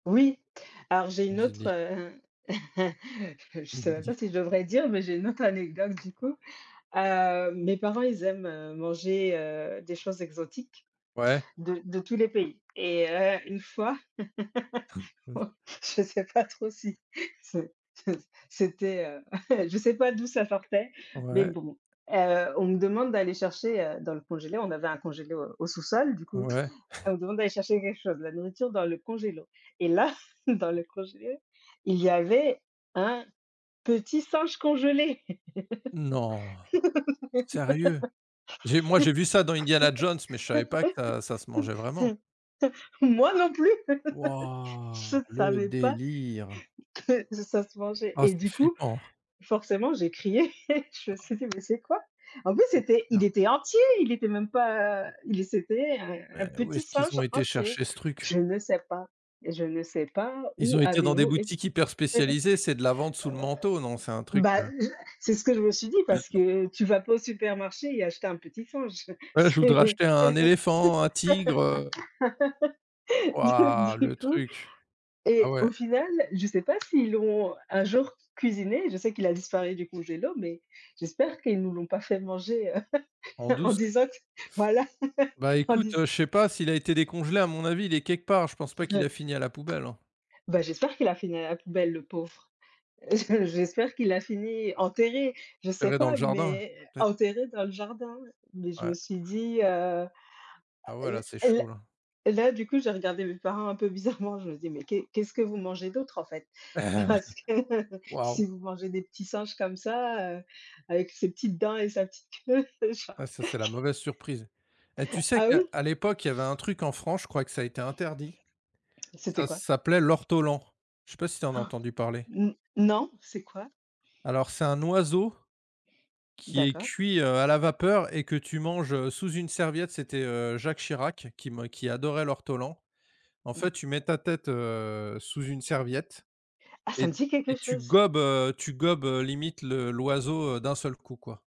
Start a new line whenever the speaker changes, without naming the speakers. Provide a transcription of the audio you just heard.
Oui, alors j'ai une
Vas-y,
autre
dis.
heu, je sais
Mmh,
même
dis.
pas si je devrais dire, mais j'ai une autre anecdote du coup. Heu, mes parents, ils aiment, heu, manger, heu, des choses exotiques
Ouais.
de de tous les pays et heu, une fois je sais pas trop si, c'est c'est c'était, heu, je sais pas d'où ça sortait, mais
Ouais.
bon, heu, on me demande d'aller chercher, heu, dans le congélateur. On avait un congélateur au sous-sol, du coup,
Ouais.
on me demande d'aller chercher quelque chose, la nourriture dans le congélateur. Et là, dans le congélateur, il y avait un petit singe congelé.
Non, sérieux? J'ai moi, j'ai vu ça dans Indiana Jones, mais je savais pas que ça ça se mangeait vraiment.
Moi non plus. Je
Wouah! Le
savais pas
délire.
que ça se mangeait.
Ah,
Et
c'est
du coup,
flippant.
forcément, j'ai crié. Je me suis dit: «Mais c'est quoi?» En plus,
C'est
c'était,
clair.
il était entier, il était même pas, heu, il c'était, heu, un
Mais où
petit
est-ce qu'ils
singe
ont été
entier.
chercher ce truc?
Je ne sais pas je ne sais pas
Ils
où
ont été dans des
avez-vous été
boutiques hyper
heu
spécialisées? C'est de la vente sous le manteau, non? C'est un truc,
Bah,
heu
je c'est ce que je me suis dit, parce
[unintelligible]
que tu vas pas au supermarché et acheter un petit singe.
Ouais, je voudrais
C'est
acheter un éléphant, un tigre, heu
Donc,
Wouah, le
du coup
truc. Ah
et
ouais.
au final, je sais pas s'ils l'ont un jour cuisiné. Je sais qu'il a disparu du congélateur, mais j'espère qu'ils nous l'ont pas fait manger, heu,
En
en
douce.
disant que voilà,
Bah,
en
écoute,
disant
heu, je sais pas. S'il a été décongelé, à mon avis, il est quelque part. Je pense pas qu'il
Heu,
a fini à la poubelle, hein.
bah, j'espère qu'il a fini à la poubelle, le pauvre. Je j'espère qu'il a fini enterré. Je sais
Enterré dans le
pas,
jardin?
mais
Peut-être.
enterré dans le jardin. Mais, je me
Ouais.
suis dit, heu
Ah ouais, là c'est
et là
chaud, là.
et là, du coup, j'ai regardé mes parents un peu bizarrement. Je me dit: «Mais qu'est ce qu'est-ce que vous mangez d'autre, en fait?»
Ben, ouais.
parce que si
Waouh!
vous mangez des petits singes comme ça, heu, avec ses petites dents et sa petite queue, genre
Ah ça, c'est la mauvaise surprise. Et tu sais
Ah
qu'à
oui?
à l'époque, il y avait un truc en France, je crois que ça a été interdit.
Et c'était
Ça
quoi?
s'appelait l'ortolan, je sais pas si tu en as entendu parler?
Mmh, non. C'est quoi?
Alors, c'est un oiseau, qui est
D'accord.
cuit, heu, à la vapeur et que tu manges, heu, sous une serviette. C'était, heu, Jacques Chirac qui me qui adorait l'ortolan. En fait,
Mmh.
tu mets ta tête, heu, sous une serviette
Ah, ça
et
me dit
et
quelque
tu
chose.
gobes, heu, tu gobes, heu, limite le l'oiseau d'un seul coup, quoi.